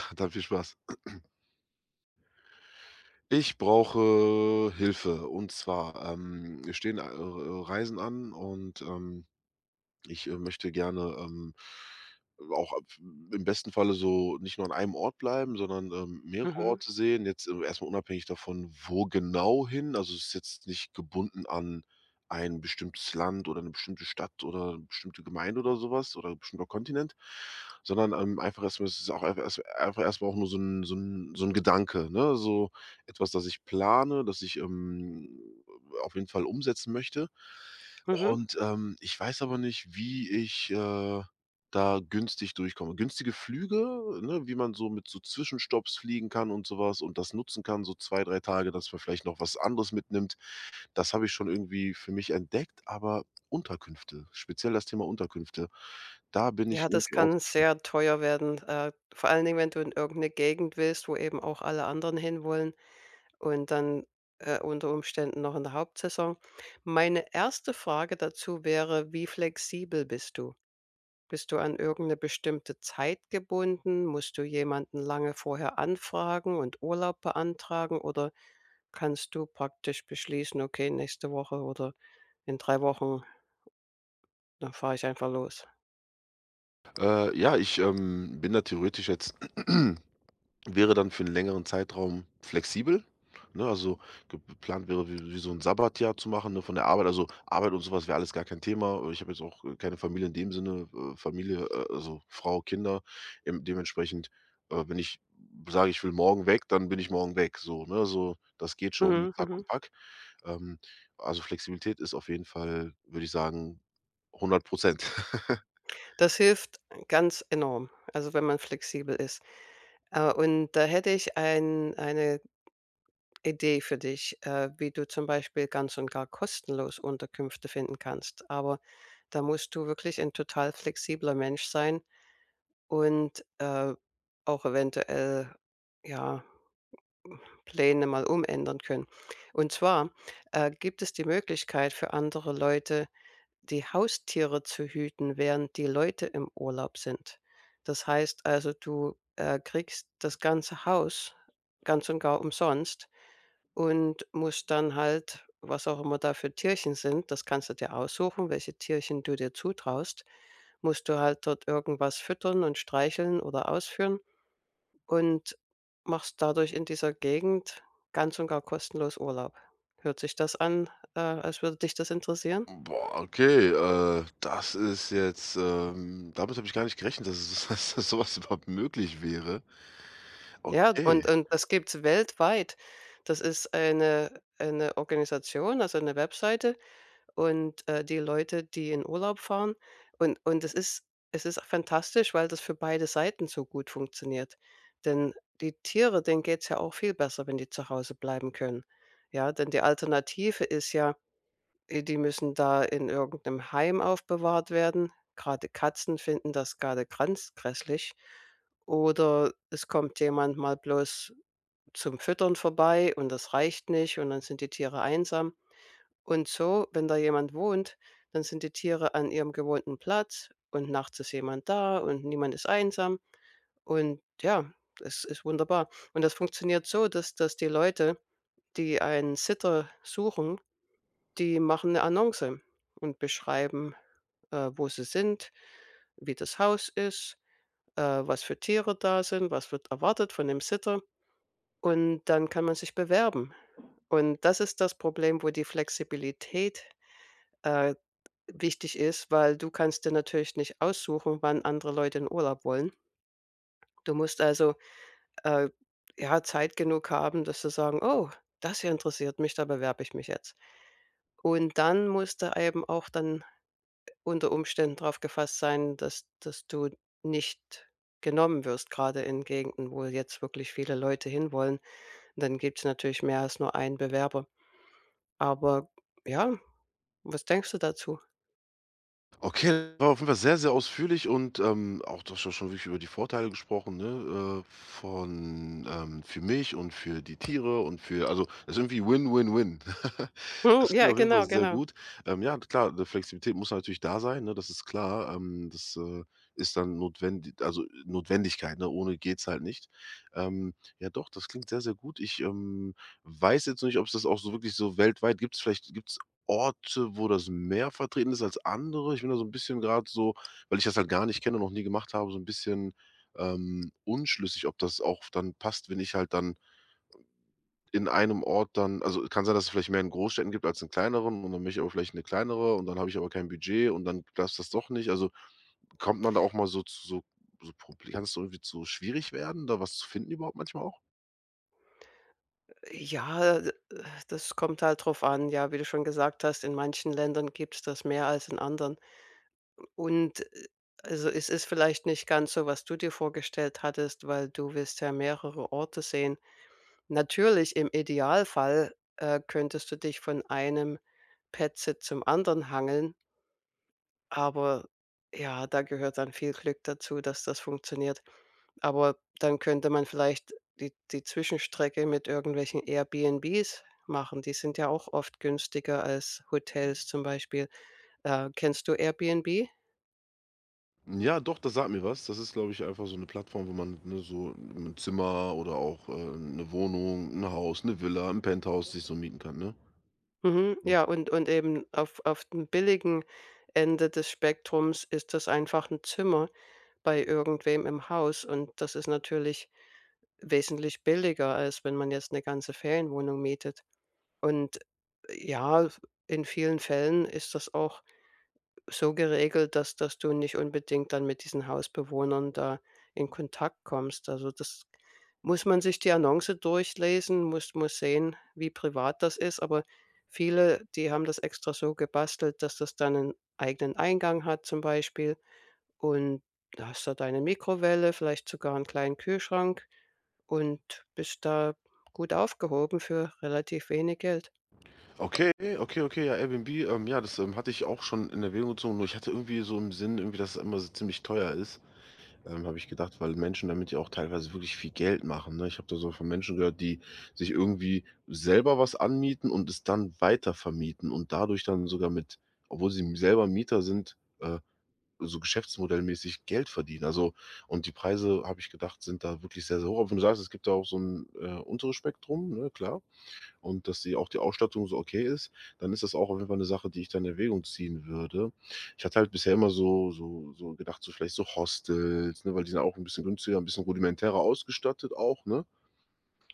[unintelligible] Dann viel Spaß. Ich brauche Hilfe und zwar, ähm, mir stehen, äh, äh, Reisen an und, ähm, ich, äh, möchte gerne, ähm, auch a im besten Falle so nicht nur an einem Ort bleiben, sondern, ähm, mehrere Mhm. Orte sehen. Jetzt, äh, erst mal unabhängig davon, wo genau hin. Also, ist jetzt nicht gebunden an ein bestimmtes Land oder 'ne bestimmte Stadt oder bestimmte Gemeinde oder so was oder bestimmter Kontinent, sondern, ähm, einfach erst mal es ist auch einfach erst einfach erst mal auch nur so 'n so 'n so 'n Gedanke, ne, so etwas, das ich plane, das ich, ähm, auf jeden Fall umsetzen möchte. Mhm. Und, ähm, ich weiß aber nicht, wie ich, äh, da günstig durchkomme. Günstige Flüge, ne, wie man so mit so Zwischenstopps fliegen kann und sowas und das nutzen kann so 2, 3 Tage, dass man vielleicht noch was anderes mitnimmt, das habe ich schon irgendwie für mich entdeckt, aber Unterkünfte, speziell das Thema Unterkünfte, da bin ich Ja, das irgendwie kann aufgeschmissen. sehr teuer werden, äh, vor allen Dingen, wenn du in irgend 'ne Gegend willst, wo eben auch alle anderen hinwollen und dann, äh, unter Umständen noch in der Hauptsaison. Meine 1. Frage dazu wäre, wie flexibel bist du? Bist du an irgend 'ne bestimmte Zeit gebunden? Musst du jemanden lange vorher anfragen und Urlaub beantragen oder kannst du praktisch beschließen: „Okay, nächste Woche oder in 3 Wochen dann fahre ich einfach los?” Äh, ja, ich, ähm, bin da theoretisch jetzt wäre dann für 'n längeren Zeitraum flexibel, ne, also, geplant wäre wie wie so 'n Sabbatjahr zu machen, ne, von der Arbeit, also, Arbeit und so was wäre alles gar kein Thema. Äh, ich habe jetzt auch, äh, keine Familie in dem Sinne, äh, Familie, äh, also, Frau, Kinder. Ähm, dementsprechend, äh, bin ich sage: „Ich will morgen weg“, dann bin ich morgen weg so, ne? So, das geht schon, mit Mhm, Sack mhm. und Pack. Ähm, also, Flexibilität ist auf jeden Fall, würde ich sagen, 100 %. Das hilft ganz enorm, also, wenn man flexibel ist. Äh, und da hätte ich ein eine Idee für dich, äh, wie du zum Beispiel ganz und gar kostenlos Unterkünfte finden kannst, aber da musst du wirklich 'n total flexibler Mensch sein und, äh, auch eventuell, ja, hm, Pläne mal umändern können. Und zwar, äh, gibt es die Möglichkeit für andere Leute die Haustiere zu hüten, während die Leute im Urlaub sind. Das heißt, also, du, äh, kriegst das ganze Haus ganz und gar umsonst und musst dann halt was auch immer da für Tierchen sind, das kannst du dir aussuchen, welche Tierchen du dir zutraust, musst du halt dort irgendwas füttern und streicheln oder ausführen und machst dadurch in dieser Gegend ganz und gar kostenlos Urlaub. Hört sich das an, äh, als würde dich das interessieren? Boah, okay, äh, das ist jetzt, ähm damit habe ich gar nicht gerechnet, dass es dass dass so was überhaupt möglich wäre. Ja, und Okay. und das gibt's weltweit. Das ist eine eine Organisation, also, eine Webseite und, äh, die Leute, die in Urlaub fahren und und es ist es ist fantastisch, weil das für beide Seiten so gut funktioniert. Denn die Tiere, denen geht's ja auch viel besser, wenn die zu Hause bleiben können. Ja, denn die Alternative ist ja, äh, die müssen da in irgend 'nem Heim aufbewahrt werden. Grade Katzen finden das grade ganz gräßlich oder es kommt jemand mal bloß zum Füttern vorbei, und das reicht nicht und dann sind die Tiere einsam. Und so, wenn da jemand wohnt, dann sind die Tiere an ihrem gewohnten Platz, und nachts ist jemand da und niemand ist einsam. Und, ja, es ist wunderbar. Und das funktioniert so, dass dass die Leute, die einen Sitter suchen, die machen 'ne Annonce und beschreiben, äh, wo sie sind, wie das Haus ist, äh, was für Tiere da sind, was wird erwartet von dem Sitter. Und dann kann man sich bewerben. Und das ist das Problem, wo die Flexibilität, äh, wichtig ist, weil du kannst dir natürlich nicht aussuchen, wann andere Leute in Urlaub wollen. Du musst, also, äh, ja, Zeit genug haben, dass du sagen: „Oh, das hier interessiert mich, da bewerbe ich mich jetzt.“ Und dann musst du eben auch dann unter Umständen drauf gefasst sein, dass dass du nicht genommen wirst, grade in Gegenden, wo jetzt wirklich viele Leute hin wollen. Dann gibt's natürlich mehr als nur einen Bewerber. Aber, ja, was denkst du dazu? Okay, war auf jeden Fall sehr, sehr ausführlich und, ähm, auch du hast ja schon wirklich über die Vorteile gesprochen, ne, äh, von, ähm für mich und für die Tiere und für, also, ist irgendwie win, win, win. Mhm, Es klingt ja, auf jeden Fall genau sehr genau. gut. Ähm, ja, klar, 'ne Flexibilität muss natürlich da sein, ne? Das ist klar, ähm, das, äh, ist dann notwendig also, Notwendigkeit, ne, ohne geht's halt nicht. Ähm, ja, doch, das klingt sehr, sehr gut. Ich, ähm, weiß jetzt nicht, ob's das auch so wirklich so weltweit gibt's vielleicht gibt's Orte, wo das mehr vertreten ist als andere. Ich bin da so 'n bisschen grad so weil ich das halt gar nicht kenne und noch nie gemacht habe, so 'n bisschen, ähm, unschlüssig, ob das auch dann passt, wenn ich halt dann in einem Ort dann also, kann sein, dass es vielleicht mehr in Großstädten gibt als in kleineren und dann will ich aber vielleicht eine kleinere und dann habe ich aber kein Budget und dann passt das doch nicht. Also, kommt man da auch mal so zu so so Proble kann dass irgendwie zu schwierig werden, da was zu finden überhaupt manchmal auch? Äh, ja, äh, das kommt halt drauf an. Ja, wie du schon gesagt hast, in manchen Ländern gibt's das mehr als in anderen. Und, äh äh also, es ist vielleicht nicht ganz so, was du dir vorgestellt hattest, weil du willst ja mehrere Orte sehen. Natürlich im Idealfall, äh, könntest du dich von einem Pet-Sit zum anderen hangeln aber, ja, da gehört dann viel Glück dazu, dass das funktioniert. Aber dann könnte man vielleicht die die Zwischenstrecke mit irgendwelchen Airbnbs machen, die sind ja auch oft günstiger als Hotels zum Beispiel. Äh, kennst du Airbnb? Hm, ja, doch, das sagt mir was. Das ist, glaube ich, einfach so 'ne Plattform, wo man, ne, so 'n Zimmer oder auch, äh, 'ne Wohnung, 'n Haus, 'ne Villa, 'n Penthouse sich so mieten kann, ne? Mhm, M ja und und eben auf auf dem billigen Ende des Spektrums ist das einfach 'n Zimmer bei irgendwem im Haus und das ist natürlich wesentlich billiger als wenn man jetzt 'ne ganze Ferienwohnung mietet. Und, äh, ja, f in vielen Fällen ist das auch so geregelt, dass dass du nicht unbedingt dann mit diesen Hausbewohnern da in Kontakt kommst. Also, das muss man sich die Annonce durchlesen, muss muss sehen, wie privat das ist, aber viele, die haben das extra so gebastelt, dass das dann 'nen eigenen Eingang hat zum Beispiel und hast da deine Mikrowelle, vielleicht sogar 'n kleinen Kühlschrank und bist da gut aufgehoben für relativ wenig Geld. Okay, okay, okay, ja, Airbnb, ähm, ja, das, ähm, hatte ich auch schon in Erwägung gezogen, nur ich hatte irgendwie so im Sinn irgendwie, dass es immer so ziemlich teuer ist, ähm, habe ich gedacht, weil Menschen damit ja auch teilweise wirklich viel Geld machen, ne? Ich habe da so von Menschen gehört, die sich irgendwie selber was anmieten und es dann weitervermieten und dadurch dann sogar mit obwohl sie m selber Mieter sind, äh, so geschäftsmodell-mäßig Geld verdienen. Also, und die Preise, habe ich gedacht, sind da wirklich sehr, sehr hoch. Wenn du sagst, es gibt da auch so 'n, äh, unteres Spektrum, ne, klar, und dass sie auch die Ausstattung so okay ist, dann ist das auch auf jeden Fall 'ne Sache, die ich da in Erwägung ziehen würde. Ich hatte halt bisher immer so so so gedacht, so vielleicht so Hostels, ne, weil die sind auch 'n bisschen günstiger, 'n bisschen rudimentärer ausgestattet auch, ne?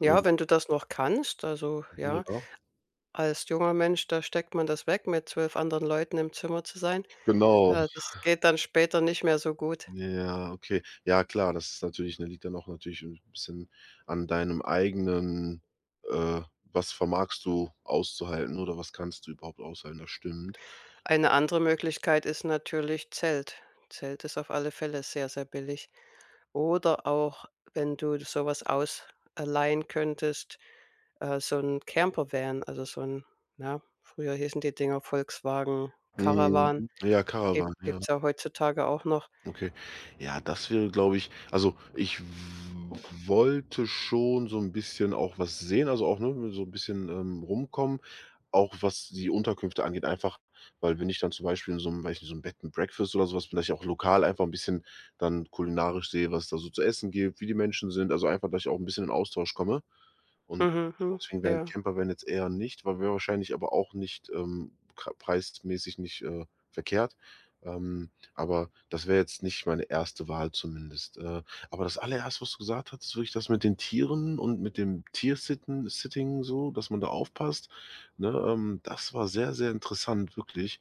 Ja, Ähm wenn du das noch kannst, also, Mhm, ja. ja. Als junger Mensch, da steckt man das weg, mit 12 anderen Leuten im Zimmer zu sein. Genau. Äh, das geht dann später nicht mehr so gut. Ja, ja, okay. Ja klar, das ist natürlich ne, liegt dann auch natürlich 'n bisschen an deinem eigenen, äh was vermagst du auszuhalten oder was kannst du überhaupt aushalten, das stimmt. Eine andere Möglichkeit ist natürlich Zelt. Zelt ist auf alle Fälle sehr, sehr billig. Oder auch wenn du so was aus allein könntest, äh, so 'n Campervan, also, so 'n na, früher hießen die Dinger Volkswagen Mhm. Caravan, Ja, gibt Caravan, ja. gibt's ja heutzutage auch noch. Okay, ja, das wäre, glaube ich also, ich w wollte schon so 'n bisschen auch was sehen, also, auch, ne, so 'n bisschen, ähm, rumkommen, auch was die Unterkünfte angeht einfach, weil wenn ich dann zum Beispiel in so 'nem ne, so 'nem Bed and Breakfast oder so was vielleicht auch lokal einfach 'n bisschen dann kulinarisch sehe, was da so zu essen gibt, wie die Menschen sind, also, einfach, dass ich auch 'n bisschen in Austausch komme. Und Mhm, hm. deswegen wäre 'n Ja. Campervan jetzt eher nicht, weil wäre wahrscheinlich aber auch nicht, ähm, k preismäßig nicht, äh, verkehrt. Ähm, aber das wäre jetzt nicht meine 1. Wahl zumindest. Äh, aber das Allererste, was du gesagt hattest, würde ich das mit den Tieren und mit dem Tiersitten Sitting, so, dass man da aufpasst, ne, ähm, das war sehr, sehr interessant wirklich,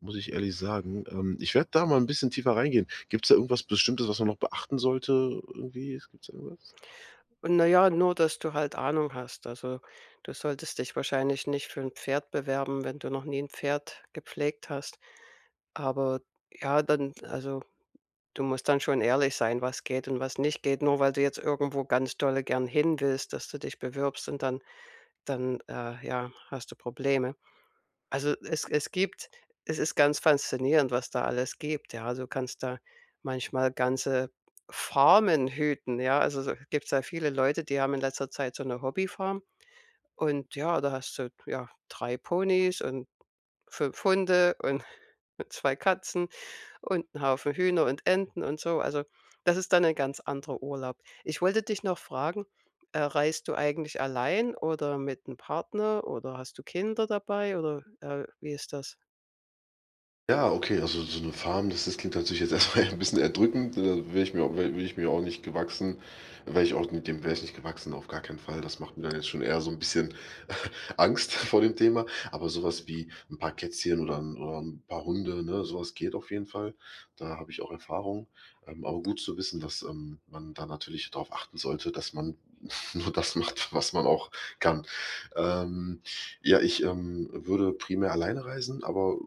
muss ich ehrlich sagen. Ähm, ich werde da mal 'n bisschen tiefer reingehen. Gibt's da irgendwas Bestimmtes, was man noch beachten sollte irgendwie? Gibt's da irgendwas? Und na ja, nur dass du halt Ahnung hast. Also, du solltest dich wahrscheinlich nicht für 'n Pferd bewerben, wenn du noch nie 'n Pferd gepflegt hast. Aber, ja, dann, also, du musst dann schon ehrlich sein, was geht und was nicht geht. Nur weil du jetzt irgendwo ganz dolle gern hinwillst, dass du dich bewirbst und dann dann, äh, ja, hast du Probleme. Also, es es gibt es ist ganz faszinierend, was da alles gibt, ja, du kannst da manchmal ganze Farmen hüten, ja? Also, so, gibt's ja viele Leute, die haben in letzter Zeit so 'ne Hobbyfarm und, ja, da hast du, ja, 3 Ponys und 5 Hunde und 2 Katzen und 'n Haufen Hühner und Enten und so. Also, das ist dann ein ganz anderer Urlaub. Ich wollte dich noch fragen, äh, reist du eigentlich allein oder mit dem Partner oder hast du Kinder dabei oder, äh, wie ist das? Ja, okay, also, so 'ne Farm, das das klingt tatsächlich jetzt erstmal ja ein bisschen erdrückend, da wäre ich mir auch wäre würde ich mir auch nicht gewachsen wäre ich auch mit dem wäre ich nicht gewachsen, auf gar keinen Fall. Das macht mir ja jetzt schon eher so' n bisschen Angst vor dem Thema. Aber sowas wie 'n paar Kätzchen oder 'n oder 'n paar Hunde, ne, sowas geht auf jeden Fall. Da habe ich auch Erfahrung. Ähm, aber gut zu wissen, dass, ähm, man da natürlich drauf achten sollte, dass man nur das macht, was man auch kann. Ähm, ja, ich, ähm, würde primär alleine reisen, aber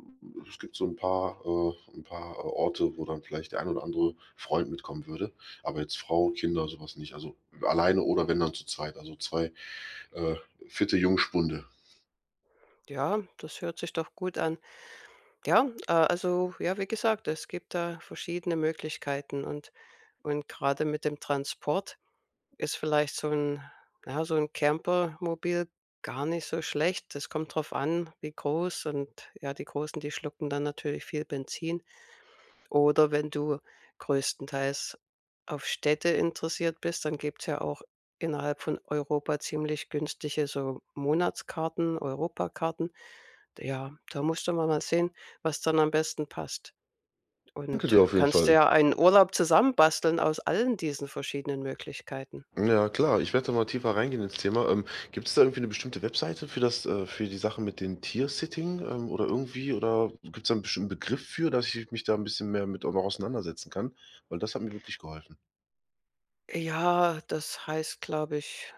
es gibt so 'n paar, äh 'n paar, äh, Orte wo dann vielleicht der ein oder andere Freund mitkommen würde, aber jetzt Frau, Kinder, sowas nicht. Also, alleine oder wenn dann zu zweit. Also, 2, äh, fitte Jungspunde. Ja, das hört sich doch gut an. Ja, äh, also, ja, wie gesagt, es gibt da verschiedene Möglichkeiten und und grade mit dem Transport ist vielleicht so 'n, ja, so 'n Camper-Mobil gar nicht so schlecht. Das kommt drauf an, wie groß und, ja, die Großen, die schlucken dann natürlich viel Benzin. Oder wenn du größtenteils auf Städte interessiert bist, dann gibt's ja auch innerhalb von Europa ziemlich günstige so Monatskarten, Europakarten. D ja, da musst du mal mal sehen, was dann am besten passt Danke dir und auf jeden kannst Fall. dir ja einen Urlaub zusammen basteln aus allen diesen verschiedenen Möglichkeiten. Ja klar, ich werd da mal tiefer reingehen ins Thema. Ähm, gibt's da irgendwie 'ne bestimmte Webseite für das, äh für die Sache mit dem Tiersitting, ähm, oder irgendwie oder gibt's da 'n bestimmten Begriff für, dass ich mich da 'n bisschen mehr mit auch noch auseinandersetzen kann? Weil das hat mir wirklich geholfen. Äh, ja, das heißt, glaube ich,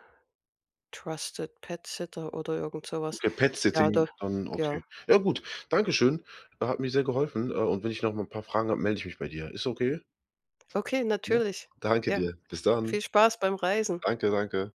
Trusted Pet Sitter oder irgend so was. Okay, Pet Ja, Setting, da dann okay. ja. Ja gut, dankeschön. Hat mir sehr geholfen. Äh, und wenn ich nochmal 'n paar Fragen habe, meld ich mich bei dir. Ist okay? Okay Ja? natürlich, Danke ja. dir. Bis dann. Viel Spaß beim Reisen. Danke, danke.